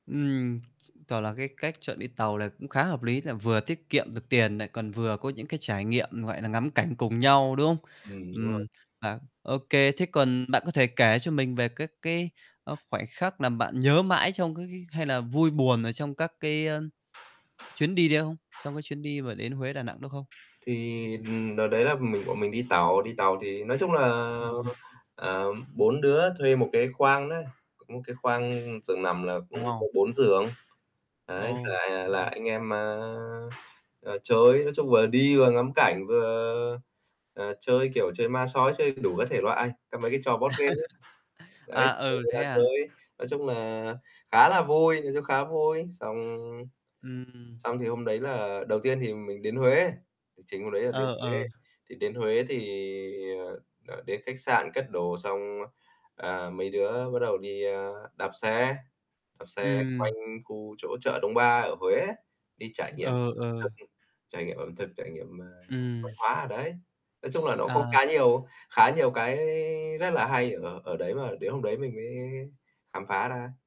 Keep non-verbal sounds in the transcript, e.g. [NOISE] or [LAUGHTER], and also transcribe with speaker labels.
Speaker 1: Ừm, toả là cái cách chọn đi tàu này cũng khá hợp lý, là vừa tiết kiệm được tiền nại còn vừa có những cái trải nghiệm, gọi nà, ngắm cảnh cùng nhau, đúng không?
Speaker 2: Ừm, đúng rồi.
Speaker 1: Ừm hả, ô kê, thế còn bạn có thể kể cho mình về các cái, ơ, khoảnh khắc làm bạn nhớ mãi trong, cái cái hay là vui buồn ở trong các cái, ơ [TSK] chuyến đi đấy không? Trong cái chuyến đi mà đến Huế, Đà Nẵng đó không?
Speaker 2: Thì, ừm, đợt đấy là mình bọn mình đi tàu. Đi tàu thì nói chung là,
Speaker 1: [UNINTELLIGIBLE]
Speaker 2: ờm, 4 đứa thuê 1 cái khoang nớ, có một cái khoang giường nằm là cũng có
Speaker 1: Eo.
Speaker 2: 4 giường. Ấy, là,
Speaker 1: Ô.
Speaker 2: à, là
Speaker 1: [UNINTELLIGIBLE]
Speaker 2: anh em, a, à, chơi, nói chung vừa đi vừa ngắm cảnh vừa, ờ, chơi, kiểu, chơi ma sói, chơi đủ các thể loại, cà mấy cái trò board game ấy.
Speaker 1: [CHUCKLES]
Speaker 2: Đấy,
Speaker 1: À,
Speaker 2: rủ
Speaker 1: ừ,
Speaker 2: người
Speaker 1: thế
Speaker 2: ta
Speaker 1: à?
Speaker 2: chơi. Nói chung nà, khá là vui, nhìn chung khá vui, xong
Speaker 1: Ừm.
Speaker 2: xong thì hôm đấy là đầu tiên thì mình đến Huế, lịch trình hôm đấy là đến
Speaker 1: Ờ,
Speaker 2: Huế.
Speaker 1: ờ.
Speaker 2: Thì đến Huế thì, ờ, ờ, đến khách sạn cất đồ xong, ơ, ờ, mấy đứa bắt đầu đi, ơ, đạp xe đạp xe quanh
Speaker 1: Ừm.
Speaker 2: khu chỗ chợ Đông Ba ở Huế á, đi trải nghiệm
Speaker 1: Ờ, ờ.
Speaker 2: thực, ưm, trải nghiệm ẩm thực, trải nghiệm, ờ, văn
Speaker 1: Ừm.
Speaker 2: hóa ở đấy. Nói chung là, nó cũng khá
Speaker 1: À.
Speaker 2: nhiều khá nhiều cái rất là hay ở ở đấy mà đến hôm đấy mình mới khám phá ra.